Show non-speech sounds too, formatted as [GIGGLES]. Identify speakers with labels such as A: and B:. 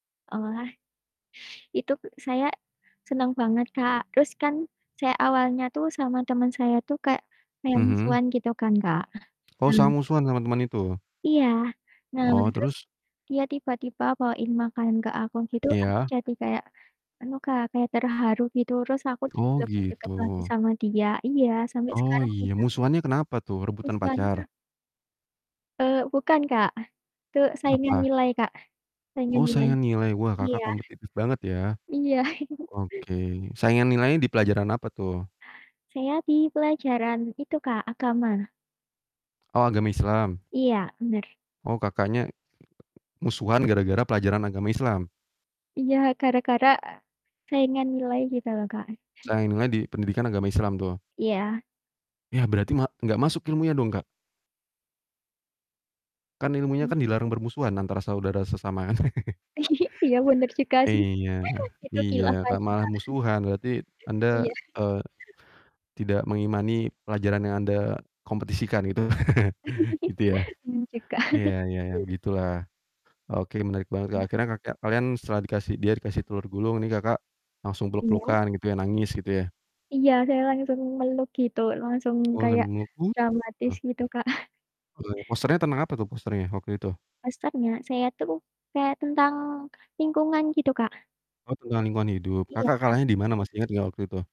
A: Oh wah. Itu k saya seneng banget, Kak, terus kan saya awalnya tuh sama temen saya tuh kayak kayak
B: Mhm.
A: musuhan gitu kan, Kak.
B: Kau sa
A: Nah
B: musuhan sama teman itu.
A: Iya, nah,
B: Oh
A: terus
B: terus?
A: dia tiba-tiba bawain makan ke aku gitu aku
B: Iya.
A: jadi kayak, anu, Kak, kayak terharu gitu terus aku jadi
B: Oh
A: deket-deket lagi
B: gitu.
A: sama dia, iya sampe
B: Oh
A: sekarang
B: iya,
A: kita
B: musuhannya kenapa tuh, rebutan
A: musuhannya
B: pacar?
A: Eee, bukan, Kak, itu saingan
B: Apa?
A: nilai, Kak, saingan
B: Oh
A: nilai,
B: saingan nilai, wah
A: iya.
B: Kakak kompetitif banget ya.
A: Iya. [CHUCKLES]
B: Ok, saingan nilainya di pelajaran apa tuh?
A: Saya di pelajaran itu, Kak, agama.
B: Oh, agama Islam.
A: Iya, bener.
B: Oh, Kakaknya [UNINTELLIGIBLE] musuhan gara-gara pelajaran agama Islam?
A: Iya gara-gara saingan nilai gitu loh, Kak. [CHUCKLES]
B: Saingnya di pendidikan agama Islam tuh?
A: Iya.
B: Ya, berarti ma nggak masuk ilmunya dong, Kak? Kan ilmunya
A: Hmm.
B: kan dilarang bermusuhan antara saudara sesama kan? [CHUCKLES]
A: [GIGGLES] Iya bener juga sih,
B: Iya,
A: [CHUCKLES] itu
B: iya
A: khilaf
B: ta
A: aja, Kak.
B: malah musuhan berarti Anda,
A: [CHUCKLES] Iya. [CHUCKLES]
B: eee, tidak mengimani pelajaran yang Anda kompetisikan gitu, [CHUCKLES] gitu ya.
A: [GIGGLES] Bingung juga.
B: Iya
A: [CHUCKLES]
B: iya ya begitulah. Oke menarik banget, Kak,
A: Iya.
B: akhirnya ka kya kalian setelah dikasih dia dikasih telur gulung nih, Kakak langsung
A: Iya.
B: peluk-pelukan gitu ya? Nangis gitu ya?
A: Iya saya langsung meluk gitu, langsung
B: Oh
A: kayak
B: sambil meluk, uh
A: dramatis
B: tuh.
A: gitu Kak. [CHUCKLES]
B: Oh, posternya tenang apa tuh posternya waktu itu?
A: Posternya, saya itu kayak tentang lingkungan gitu, Kak.
B: Oh, tentang lingkungan hidup,
A: Iya,
B: Kakak kalahnya di mana
A: pasti
B: masih ingat nggak waktu itu?